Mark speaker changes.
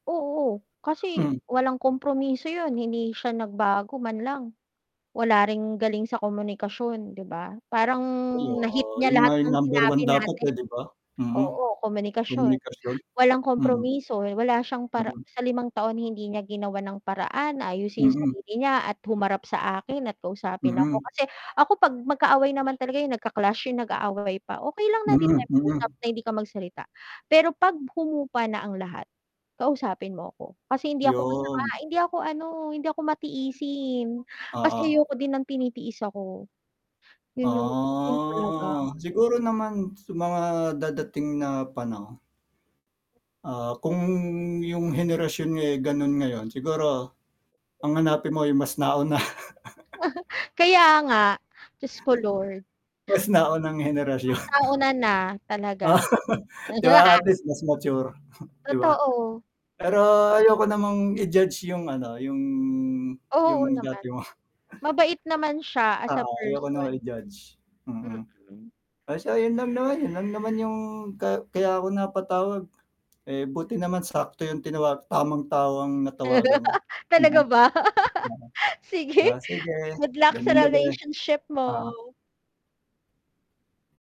Speaker 1: Oo, kasi
Speaker 2: Mhm.
Speaker 1: walang kompromiso yun hindi siya nagbago man lang wala ring galing sa komunikasyon diba, parang
Speaker 2: Ay,
Speaker 1: nahit
Speaker 2: oo,
Speaker 1: niya
Speaker 2: yun nga
Speaker 1: lahat
Speaker 2: yung
Speaker 1: ng
Speaker 2: number
Speaker 1: sinabi
Speaker 2: 1 dapat,
Speaker 1: natin.
Speaker 2: eh, diba? hmm, hmm,
Speaker 1: oo, komunikasyon,
Speaker 2: komunikasyon,
Speaker 1: walang
Speaker 2: hmm.
Speaker 1: kompromiso wala siyang para
Speaker 2: Mhm.
Speaker 1: sa limang taon hindi niya ginawa ng paraan ayusin yung
Speaker 2: Hmm.
Speaker 1: sarili niya at humarap sa akin at kausapin ako
Speaker 2: Hmm.
Speaker 1: kasi ako pag magkaaway naman talaga yung nagka-clash yung nag-aaway pa okay lang na din
Speaker 2: Mhm,
Speaker 1: tayo mag-usap
Speaker 2: mhm.
Speaker 1: na hindi ka magsalita pero pag humupa na ang lahat, kausapin mo ako kasi hindi ako masama
Speaker 2: Yung.
Speaker 1: hindi ako ano hindi ako matiisin kasi
Speaker 2: Oo.
Speaker 1: ayoko din ng tinitiis ako yun yung yun talaga.
Speaker 2: Ahh, siguro naman sa mga dadating na panahon. Ah, kung yung henerasyon nga ganun ngayon siguro ang hanapin mo ay mas nauna
Speaker 1: Kaya nga di ko Lord.
Speaker 2: mas naunang henerasyon.
Speaker 1: nauna na talaga
Speaker 2: diba at least mas mature 'di ba?
Speaker 1: totoo,
Speaker 2: pero
Speaker 1: yes
Speaker 2: ayoko namang i-judge yung ano yung
Speaker 1: Oo,
Speaker 2: yung
Speaker 1: naman.
Speaker 2: dati mo.
Speaker 1: mabait naman siya as a
Speaker 2: oo, ayoko
Speaker 1: person.
Speaker 2: naman i judge, hmm.
Speaker 1: Mhm.
Speaker 2: so, yun lang naman, yun lang naman yung ka kaya ako napatawag, eh, buti naman sakto yung tinawag tamang tao ang natawagan.
Speaker 1: Talaga
Speaker 2: Mm.
Speaker 1: ba
Speaker 2: Mm'
Speaker 1: sige
Speaker 2: ah, sige
Speaker 1: good luck sa
Speaker 2: gandang gabi,
Speaker 1: relationship mo.
Speaker 2: ah.